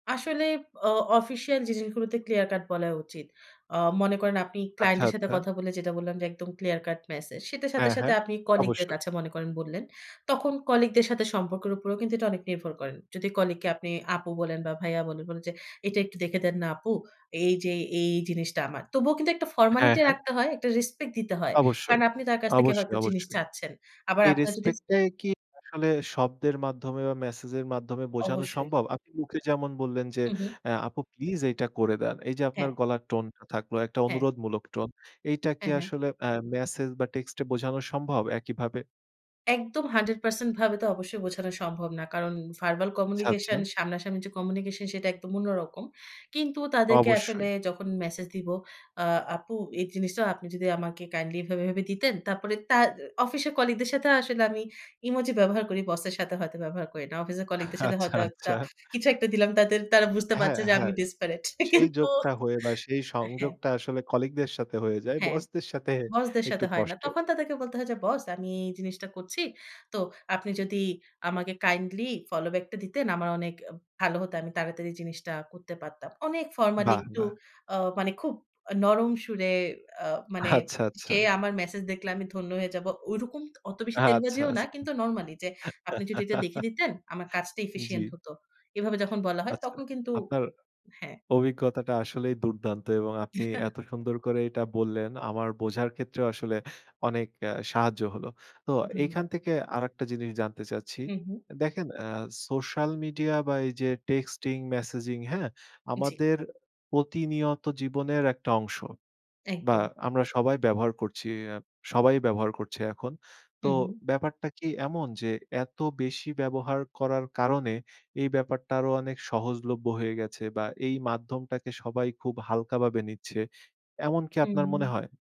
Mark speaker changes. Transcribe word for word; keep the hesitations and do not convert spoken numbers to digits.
Speaker 1: আসলে অ অফিসিয়াল জিনিসগুলোতে clear cut বলা উচিত। আ মনে করেন আপনি ক্লায়েন্ট
Speaker 2: আচ্ছা,
Speaker 1: এর সাথে
Speaker 2: আচ্ছা।
Speaker 1: কথা বলে যেটা বললাম যে একদম ক্লিয়ার কাট মেসেজ সে সাথে,
Speaker 2: হ্যাঁ,
Speaker 1: সাথে,
Speaker 2: হ্যাঁ,
Speaker 1: আপনি কলিগদের
Speaker 2: অবশ্যই।
Speaker 1: কাছে মনে করেন বললেন। তখন কলিগদের সাথে সম্পর্কের উপরেও কিন্তু এটা অনেক নির্ভর করেন। যদি কলিগকে আপনি আপু বলেন বা ভাইয়া বলে বলেন যে "এটা একটু দেখে দেন না আপু। এই যে এই জিনিসটা আমার।" তবুও কিন্তু একটা
Speaker 2: হ্যাঁ,
Speaker 1: ফর্মালিটি
Speaker 2: হ্যাঁ।
Speaker 1: রাখতে হয়, একটা রেসপেক্ট দিতে হয়। কারণ
Speaker 2: অবশ্যই,
Speaker 1: আপনি তার কাছ থেকে
Speaker 2: অবশ্যই,
Speaker 1: হয়তো জিনিস
Speaker 2: অবশ্যই,
Speaker 1: চাচ্ছেন। আবার
Speaker 2: এই
Speaker 1: আপনার যদি
Speaker 2: রেসপেক্টটাই কি আসলে শব্দের মাধ্যমে বা মেসেজের মাধ্যমে বোঝানো
Speaker 1: অবশ্যই।
Speaker 2: সম্ভব? আপনি মুখে যেমন বললেন যে,
Speaker 1: হুম, হুম।
Speaker 2: "এ আপু প্লিজ এইটা করে দেন।" এই যে আপনার
Speaker 1: হ্যাঁ।
Speaker 2: গলার টোনটা থাকলো একটা
Speaker 1: হ্যাঁ।
Speaker 2: অনুরোধমূলক টোন। এইটা কি
Speaker 1: হ্যাঁ, হ্যাঁ।
Speaker 2: আসলে আ মেসেজ বা টেক্সট এ বোঝানো সম্ভব একইভাবে?
Speaker 1: একদম hundred percent ভাবে তো অবশ্যই বোঝানো সম্ভব না। কারণ ভারবাল
Speaker 2: আচ্ছা, আচ্ছা।
Speaker 1: কমিউনিকেশন সামনাসামনি যে কমিউনিকেশন সেটা একদম অন্য রকম। কিন্তু তাদেরকে আসলে
Speaker 2: অবশ্যই।
Speaker 1: যখন মেসেজ দিব, আ আপু এই জিনিসটা আপনি যদি আমাকে কাইন্ডলি এভাবে, এভাবে দিতেন, তারপরে তার অফিসের কলিগদের সাথে আসলে আমি ইমোজি ব্যবহার করি, বসের সাথে হয়তো ব্যবহার করি না। অফিসের কলিগদের সাথে
Speaker 2: আচ্ছা,
Speaker 1: হয়তো একটা
Speaker 2: আচ্ছা
Speaker 1: কিছু একটা দিলাম তাদের তারা বুঝতে
Speaker 2: হ্যাঁ,
Speaker 1: পারছে যে আমি
Speaker 2: হ্যাঁ। স
Speaker 1: ডেসপারেট
Speaker 2: সেই
Speaker 1: কিন্তু
Speaker 2: যোগটা হয়ে বা সেই
Speaker 1: হ্যাঁ।
Speaker 2: সংযোগটা আসলে কলিগদের সাথে হয়ে যায়
Speaker 1: হ্যাঁ,
Speaker 2: বস দের সাথে
Speaker 1: বসদের
Speaker 2: একটু
Speaker 1: সাথে হয় না।
Speaker 2: কষ্টের।
Speaker 1: তখন তাদেরকে বলতে হয় যে, "বস, আমি এই জিনিসটা করছি। তো আপনি যদি আমাকে কাইন্ডলি ফলো ব্যাকটা দিতেন আমার অনেক ভালো হতো। আমি তাড়াতাড়ি জিনিসটা করতে পারতাম।" অনেক ফরমালি
Speaker 2: বাহ!
Speaker 1: একটু
Speaker 2: বাহ!
Speaker 1: আ মানে খুব নরম সুরে আ মানে
Speaker 2: আচ্ছা, আচ্ছা।
Speaker 1: সে আমার মেসেজ দেখলে আমি ধন্য হয়ে যাবো। ঐরকম অত বেশি
Speaker 2: আচ্ছা,
Speaker 1: তেলবাজিও না,
Speaker 2: আচ্ছা।
Speaker 1: কিন্তু নরমালি যে আপনি যদি এটা দেখে দিতেন আমার কাজটা
Speaker 2: জি।
Speaker 1: এফিশিয়েন্ট হত এভাবে যখন বলা হয়
Speaker 2: আচ্ছা।
Speaker 1: তখন কিন্তু
Speaker 2: আপনার
Speaker 1: হ্যাঁ।
Speaker 2: অভিজ্ঞতাটা আসলেই দুর্দান্ত এবং
Speaker 1: জি,
Speaker 2: আপনি
Speaker 1: হ্যাঁ
Speaker 2: এত সুন্দর করে এটা বললেন আমার বোঝার ক্ষেত্রেও আসলে অনেক আ সাহায্য হলো। তো এখান
Speaker 1: ধন্যবাদ।
Speaker 2: থেকে আরেকটা জিনিস জানতে চাচ্ছি।
Speaker 1: হুম, হুম।
Speaker 2: দেখেন আ সোশ্যাল মিডিয়া বা এই যে টেক্সটিং মেসেজিং, হ্যাঁ?
Speaker 1: জি।
Speaker 2: আমাদের প্রতিনিয়ত জীবনের একটা অংশ। বা
Speaker 1: একদম।
Speaker 2: আমরা সবাই ব্যবহার করছি আ সবাই ব্যবহার করছে এখন। তো
Speaker 1: হুম, হুম।
Speaker 2: ব্যাপারটা কি এমন যে এত বেশি ব্যবহার করার কারণে এই ব্যাপারটা আরো অনেক সহজলভ্য হয়ে গেছে বা এই মাধ্যমটাকে সবাই খুব হালকাভাবে নিচ্ছে? এমন কি আপনার মনে
Speaker 1: হুম।
Speaker 2: হয়?